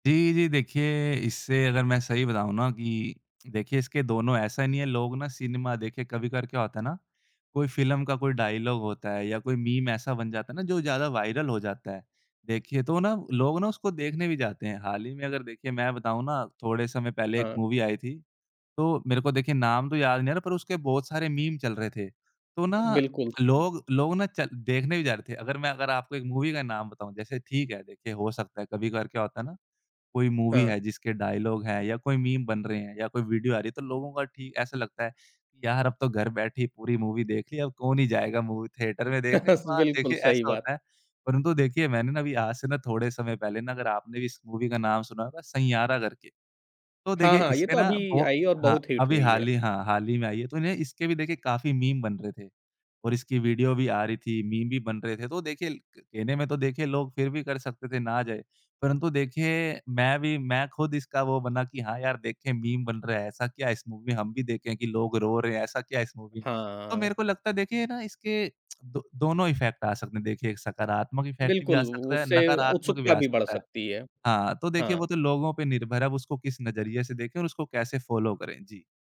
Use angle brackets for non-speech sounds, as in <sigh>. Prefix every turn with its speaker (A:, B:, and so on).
A: जी, जी, देखिए इससे अगर मैं सही बताऊँ ना कि देखिए इसके दोनों ऐसा नहीं है लोग ना सिनेमा देखिए कभी-कभार क्या होता है ना, कोई फ़िल्म का कोई डायलॉग होता है या कोई मीम ऐसा बन जाता है ना जो ज़्यादा वायरल हो जाता है। देखिए तो ना लोग ना उसको देखने भी जाते हैं, हाल ही में अगर देखिए मैं बताऊँ ना थोड़े समय पहले एक
B: हाँ।
A: मूवी आई थी, तो मेरे को देखिए नाम तो याद नहीं आ रहा पर उसके बहुत सारे मीम चल रहे थे, तो ना
B: बिल्कुल।
A: लोग लोगो ना चल देखने भी जा रहे थे। अगर मैं अगर आपको एक मूवी का नाम बताऊँ जैसे ठीक है, देखिए हो सकता है कभी-कभार क्या होता है ना, कोई मूवी
B: हाँ।
A: है जिसके डायलॉग है या कोई मीम बन रहे हैं या कोई वीडियो आ रही है तो लोगों का ठीक ऐसा लगता है कि यार! अब तो घर बैठे ही पूरी मूवी देख ली अब कौन ही जाएगा मूवी थिएटर में देखने तो
B: <chuckles>
A: हाँ,
B: बिल्कुल
A: देखिए
B: सही
A: ऐसा
B: बात।
A: होता है। परंतु देखिए मैंने ना अभी आज से ना थोड़े समय पहले ना अगर आपने भी इस मूवी का नाम सुना होगा सैंयारा करके। तो
B: हाँ,
A: देखिए
B: हाँ, ये
A: इसके
B: तो
A: ना
B: अभी
A: वो
B: आई है, और
A: हाँ,
B: बहुत हिट
A: अभी
B: हुई
A: हाल
B: है।
A: ही हाँ, हाल ही में आई है, तो उन्हें इसके भी देखिए काफ़ी मीम बन रहे थे। और इसकी वीडियो भी आ रही थी, मीम भी बन रहे थे, तो देखिए कहने में तो देखिए लोग फिर भी कर सकते थे ना जाए, परंतु देखिए मैं भी, मैं खुद इसका वो बना कि हाँ यार! देखें मीम बन रहे है। ऐसा क्या है इस मूवी में हम भी देखे हैं कि लोग रो रहे हैं, ऐसा क्या है इस मूवी में। तो
B: हाँ।
A: मेरे को लगता है देखिए ना इसके दो दोनों इफेक्ट आ सकते हैं, देखिए एक सकारात्मक इफ़ेक्ट भी
B: बिल्कुल,
A: आ सकता है,
B: उससे
A: नकारात्मक भी
B: उत्सुकता
A: आ
B: भी बढ़
A: सकता है।
B: सकती है।
A: हाँ, तो देखिए वो
B: हाँ।
A: तो लोगों पे निर्भर है अब उसको किस नज़रिए से देखें और उसको कैसे फॉलो करें। जी।